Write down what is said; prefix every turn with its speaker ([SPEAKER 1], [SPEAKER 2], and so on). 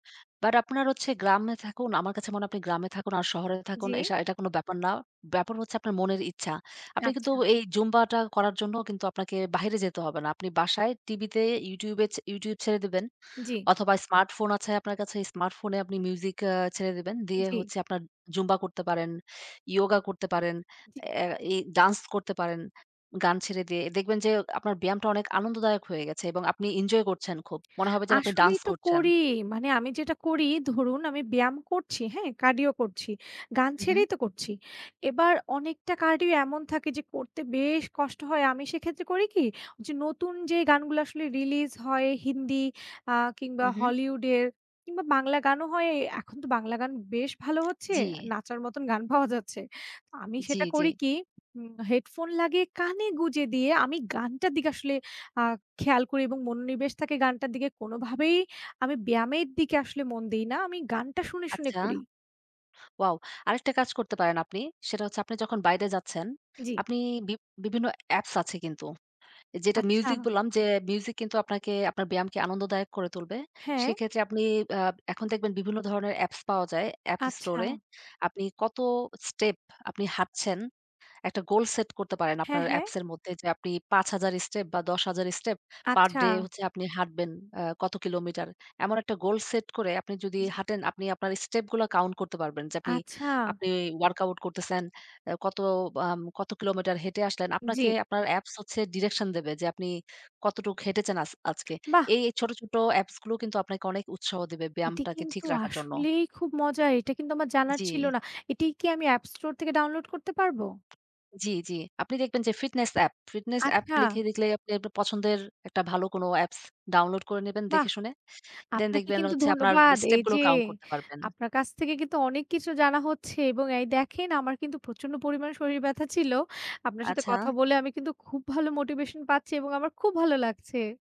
[SPEAKER 1] But আপনার হচ্ছে গ্রামে থাকুন, আমার কাছে মনে হয় আপনি গ্রামে থাকুন আর শহরে থাকুন।
[SPEAKER 2] জি।
[SPEAKER 1] এশা এটা কোন ব্যাপার না। ব্যাপার হচ্ছে আপনার মনের ইচ্ছা। আপনি কিন্তু
[SPEAKER 2] আচ্ছা।
[SPEAKER 1] এই জুম্বাটা করার জন্য কিন্তু আপনাকে বাহিরে যেতে হবে না। আপনি বাসায় টিভিতে YouTube এ, ছে YouTube ছেড়ে দিবেন
[SPEAKER 2] জি।
[SPEAKER 1] অথবা Smartphone আছে আপনার কাছে Smartphone এ আপনি মিউজিক অ্যা ছেড়ে দিবেন। দিয়ে
[SPEAKER 2] জি।
[SPEAKER 1] হচ্ছে আপনার জুম্বা করতে পারেন, yoga করতে পারেন,
[SPEAKER 2] জি।
[SPEAKER 1] অ্যা এই dance করতে পারেন, গান ছেড়ে দিয়ে। দেখবেন যে এ আপনার ব্যায়ামটা অনেক আনন্দদায়ক হয়ে গেছে এবং আপনি enjoy করছেন খুব। মনে হবে যেন আপনি
[SPEAKER 2] আসলেই
[SPEAKER 1] dance
[SPEAKER 2] তো
[SPEAKER 1] করছেন।
[SPEAKER 2] করি। মানে আমি যেটা করি ধরুন আমি ব্যায়াম করছি হ্যাঁ? cardio করছি। গান
[SPEAKER 1] হুম, হুম।
[SPEAKER 2] ছেড়েই তো করছি। এবার অনেকটা cardio এমন থাকে যে করতে বেশ কষ্ট হয়। আমি সেক্ষেত্রে করি কি, যে নতুন যে গানগুলো আসলে release হয় হিন্দি আ কিংবা
[SPEAKER 1] উহু।
[SPEAKER 2] Hollywood এ কিংবা, বাংলা গানও হয় এ এখন তো বাংলা গান বেশ ভালো হচ্ছে,
[SPEAKER 1] জি।
[SPEAKER 2] নাচার মতন গান পাওয়া যাচ্ছে। আমি
[SPEAKER 1] জি,
[SPEAKER 2] সেটা
[SPEAKER 1] জি।
[SPEAKER 2] করি কি উম headphone লাগিয়ে কানে গুঁজে দিয়ে আমি গানটার দিকে আসলে আ খেয়াল করি এবং মনোনিবেশ থাকে গানটার দিকে। কোনোভাবেই আমি ব্যায়ামের দিকে আসলে মন দেই না আমি গানটা শুনে, শুনে
[SPEAKER 1] আচ্ছা,
[SPEAKER 2] করি।
[SPEAKER 1] wow। আরেকটা কাজ করতে পারেন আপনি। সেটা হচ্ছে আপনি যখন বাইরে যাচ্ছেন,
[SPEAKER 2] জি।
[SPEAKER 1] আপনি বি বিভিন্ন অ্যাপস আছে কিন্তু। যেটা
[SPEAKER 2] আচ্ছা।
[SPEAKER 1] music বললাম যে music কিন্তু আপনাকে আপনার ব্যায়ামকে আনন্দদায়ক করে তুলবে।
[SPEAKER 2] হ্যাঁ।
[SPEAKER 1] সেক্ষেত্রে আপনি অ্যা এখন দেখবেন বিভিন্ন ধরনের অ্যাপস পাওয়া যায় App Store
[SPEAKER 2] আচ্ছা।
[SPEAKER 1] এ। আপনি কত step, আপনি হাঁটছেন। একটা গোল সেট করতে পারেন
[SPEAKER 2] হ্যাঁ,
[SPEAKER 1] আপনার
[SPEAKER 2] হ্যাঁ।
[SPEAKER 1] Apps এর মধ্যে। যে আপনি ৫ হাজার step বা ১০ হাজার step
[SPEAKER 2] আচ্ছা।
[SPEAKER 1] পার-ডে হচ্ছে আপনি হাঁটবেন অ্যা কত কিলোমিটার। এমন একটা goal set করে আপনি যদি
[SPEAKER 2] জি।
[SPEAKER 1] হাঁটেন আপনি আপনার step গুলা count করতে পারবেন যে আপনি
[SPEAKER 2] আচ্ছা।
[SPEAKER 1] আপনি workout করতেছেন, অ্যা কত আম কত কিলোমিটার হেঁটে আসলেন? আপনাকে
[SPEAKER 2] জি।
[SPEAKER 1] আপনার অ্যাপস হচ্ছে direction দেবে যে আপনি কতটুক হেঁটেছেন আচ আজকে।
[SPEAKER 2] বাহ!
[SPEAKER 1] এই, এই ছোট, ছোট Apps গুলো কিন্তু আপনাকে অনেক উৎসাহ দিবে
[SPEAKER 2] এটি
[SPEAKER 1] ব্যায়ামটাকে ঠিক
[SPEAKER 2] কিন্তু
[SPEAKER 1] রাখার জন্য।
[SPEAKER 2] আসলেই খুব মজা। এটা কিন্তু আমার জানার ছিল
[SPEAKER 1] জি।
[SPEAKER 2] না। এটি কি আমি App Store থেকে download করতে পারবো?
[SPEAKER 1] জি, জি। আপনি দেখবেন যে fitness app, fitness app
[SPEAKER 2] আচ্ছা।
[SPEAKER 1] লিখে লিখলেই আপনি আপনার পছন্দের একটা ভালো কোনো apps download করে নিবেন
[SPEAKER 2] বাহ!
[SPEAKER 1] দেখে শুনে। দ্যান
[SPEAKER 2] আপনাকে
[SPEAKER 1] দেখবেন
[SPEAKER 2] কিন্তু
[SPEAKER 1] হচ্ছে আপনার
[SPEAKER 2] ধন্যবাদ।
[SPEAKER 1] step
[SPEAKER 2] এই যে,
[SPEAKER 1] গুলো count করতে পারবেন।
[SPEAKER 2] আপনার কাছ থেকে কিন্তু অনেক কিছু জানা হচ্ছে এবং এই দেখেন আমার কিন্তু প্রচন্ড পরিমাণ শরীর ব্যথা ছিল। আপনার সাথে কথা
[SPEAKER 1] আচ্ছা।
[SPEAKER 2] বলে আমি কিন্তু খুব ভালো motivation পাচ্ছি এবং আমার খুব ভালো লাগছে।